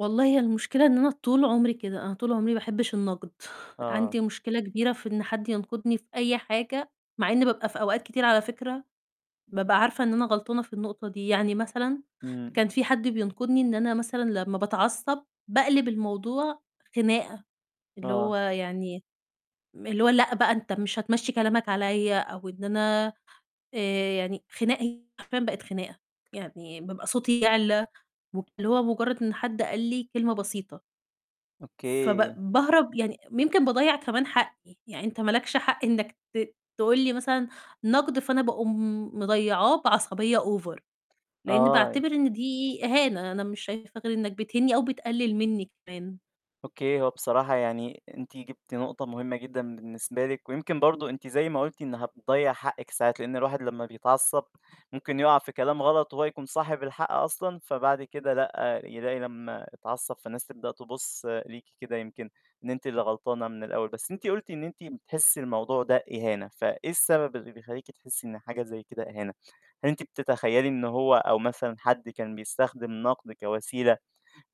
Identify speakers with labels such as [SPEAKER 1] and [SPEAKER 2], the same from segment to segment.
[SPEAKER 1] والله هي المشكلة إن أنا طول عمري كده، أنا طول عمري باحبّش النقد،
[SPEAKER 2] آه.
[SPEAKER 1] عندي مشكلة كبيرة في إن حد ينقدني في أي حاجة. مع إني بابقى في أوقات كتير على فكرة بابقى عارفة إن أنا غلطانة في النقطة دي، يعني مثلًا
[SPEAKER 2] إمم.
[SPEAKER 1] كان في حد بينقدني إن أنا مثلًا لمّا باتعصّب باقلب الموضوع خناقة، اللي هو
[SPEAKER 2] آه.
[SPEAKER 1] يعني م اللي هو لأ بقى أنت مش هتمشّي كلامك عليَّ أو إن أنا آآ، يعني خناق حرفيًا بقت خناقة، يعني بابقى صوتي يعلى، واللي هو مجرد إن حد قال لي كلمة بسيطة. فب
[SPEAKER 2] أوكي.
[SPEAKER 1] باهرب يعني يمكن باضيّع كمان حقّي، يعني أنت ما لكش حق إنك ت تقول لي مثلًا نقد فأنا باقوم مضيّعاه بعصبية over، لإني
[SPEAKER 2] آه.
[SPEAKER 1] باعتبر إن دي إهانة، أنا مش شايفة غير إنك بتهينني أو بتقلل منّي كمان.
[SPEAKER 2] أوكي. هو بصراحة يعني أنتِ جِبتِ نقطة مهمة جدًا بالنسبة لِك ويمكن برضو أنتِ زي ما قُلتِ إن هتضيَّع حقِك ساعات، لأن الواحد لمّا بيتعصّب ممكن يُقع في كلام غلط وهو يكون صاحب الحق أصلًا فبعد كده لأ، يلاقي لمّا اتعصّب فالناس تبدأ تبُص ليكِ كده يمكن إن أنتِ اللي غلطانة من الأول. بس أنتِ قُلتِ إن أنتِ بتحسّي الموضوع ده إهانة، فإيه السبب اللي بيخلّيكِ تحسّي إن حاجة زي كده إهانة؟ هل أنتِ بتتخيلي إن هو أو مثلًا حد كان بيستخدم نقْد كوسيلة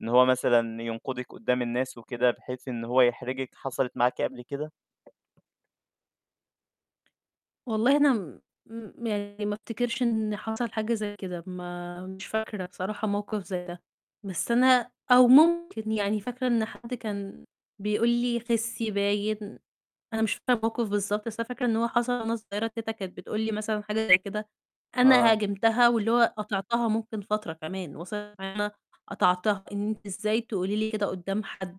[SPEAKER 2] إن هو مثلًا ينقدِك قدّام الناس وكده بحيث إن هو يحرجِك، حصلِت معاكِ قبل كده؟
[SPEAKER 1] والله أنا م م يعني ما أفتكرش إن حصل حاجة زي كده، ما مش فاكرة بصراحة موقف زي ده، بس أنا أو ممكن يعني فاكرة إن حد كان بيقول لي: "خِسّي" باين، أنا مش فاكرة الموقِف بالضبط، بس أنا فاكرة إن هو حصل وأنا صغيّرة كده كانت بتقول لي مثلًا حاجة زي كده، أنا
[SPEAKER 2] آه.
[SPEAKER 1] هاجمتها واللي هو قاطعتها ممكن فترة كمان وصَلِت إن أنا قاطعتها إن أنتِ إزاي تقولي لي كده قدّام حد؟!